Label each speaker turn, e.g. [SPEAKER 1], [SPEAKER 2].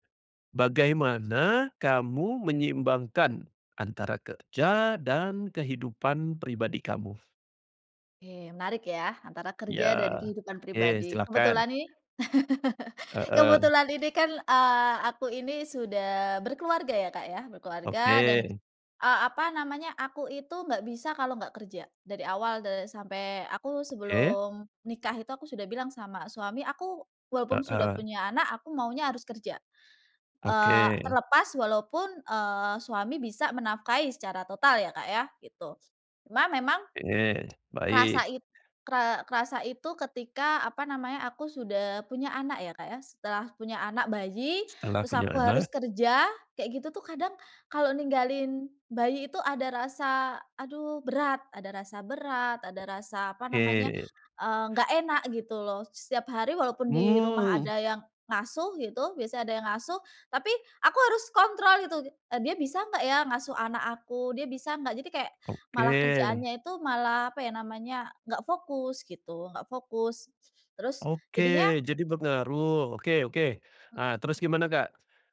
[SPEAKER 1] Bagaimana kamu menyeimbangkan antara kerja dan kehidupan pribadi kamu?
[SPEAKER 2] Oke, menarik ya, antara
[SPEAKER 1] Ya
[SPEAKER 2] kerja dan kehidupan
[SPEAKER 1] oke,
[SPEAKER 2] pribadi.
[SPEAKER 1] silakan.
[SPEAKER 2] Kebetulan nih
[SPEAKER 1] Heeh.
[SPEAKER 2] kebetulan Ini kan, eee, aku ini sudah berkeluarga ya, Kak, ya. Berkeluarga dan,
[SPEAKER 1] Oke.
[SPEAKER 2] eee, apa namanya, aku itu nggak bisa kalo nggak kerja, dari awal de sampai aku
[SPEAKER 1] Oke.
[SPEAKER 2] sebelum nikah itu aku sudah bilang sama suami, "Aku walaupun sudah
[SPEAKER 1] Heeh.
[SPEAKER 2] punya anak, aku maunya harus kerja." Eee,
[SPEAKER 1] Oke.
[SPEAKER 2] terlepas walaupun, eee, suami bisa menafkahi secara total ya, Kak, ya, gitu. Cuma memang,
[SPEAKER 1] Oke.
[SPEAKER 2] rasa
[SPEAKER 1] Baik.
[SPEAKER 2] it kera kerasa itu ketika apa namanya, aku sudah punya anak ya, Kak, ya. Setelah punya anak bayi
[SPEAKER 1] Setelah
[SPEAKER 2] terus
[SPEAKER 1] punya
[SPEAKER 2] aku harus
[SPEAKER 1] anak.
[SPEAKER 2] kerja, kayak gitu tuh kadang, kalau ninggalin bayi itu ada rasa aduh berat, ada rasa berat, ada rasa apa namanya,
[SPEAKER 1] Oke.
[SPEAKER 2] eee, nggak enak gitu loh. Setiap hari walaupun di rumah
[SPEAKER 1] Mmm.
[SPEAKER 2] ada yang ngasuh gitu, biasanya ada yang ngasuh, tapi aku harus kontrol gitu. "D Dia bisa nggak ya ngasuh anak aku? Dia bisa nggak?" Jadi kayak malah
[SPEAKER 1] Oke.
[SPEAKER 2] kerjaannya itu malah apa ya namanya, nggak fokus gitu, nggak fokus. Terus
[SPEAKER 1] Oke
[SPEAKER 2] jadinya
[SPEAKER 1] jadi pengaruh, oke oke.
[SPEAKER 2] Mmm.
[SPEAKER 1] Ah, terus gimana, Kak?